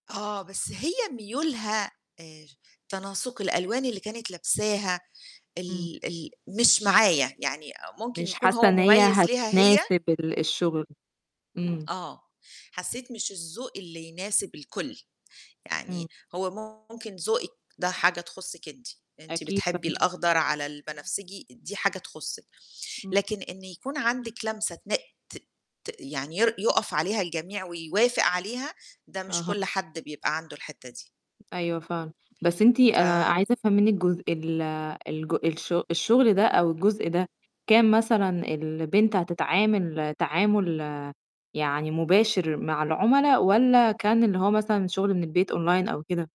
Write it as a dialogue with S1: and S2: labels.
S1: آه، بس هي ميولها اش تناسق الألوان اللي كانت لابساها
S2: إمم.
S1: ال ال مش معايا، يعني آآ ممكن
S2: مش
S1: يكون
S2: حاسّة
S1: هو
S2: إن هي
S1: مُميِّز ليها هي
S2: هتناسب ال الشُغل، إمم.
S1: آه، حسّيت مش الذوق اللي يناسب الكل.
S2: إمم.
S1: يعني هو ممكن ذوقِك ده حاجة تخُصِّك أنتِ، أنتِ
S2: أكيد
S1: بتحبّي
S2: فاهما
S1: الأخضر على
S2: امم.
S1: البنفسجي دي حاجة تخُصِّك،
S2: إمم.
S1: لكن إن يكون عندِك لمسة تنق ت ت يعني ير يقف عليها الجميع ويوافق عليها، ده مش
S2: أها.
S1: كل حد بيبقى عنده الحتّة دي.
S2: أيوه فاهمة، بس أنتِ أنا
S1: ف
S2: عايزة أفهم منِّك جزء ال الج الش الشُغل ده أو الجزء ده، كان مثلًا البنت هتتعامل تعامُل يعني مباشر مع العُملا والّا كان اللي هو مثلًا شُغل من البيت أونلاين أو كده؟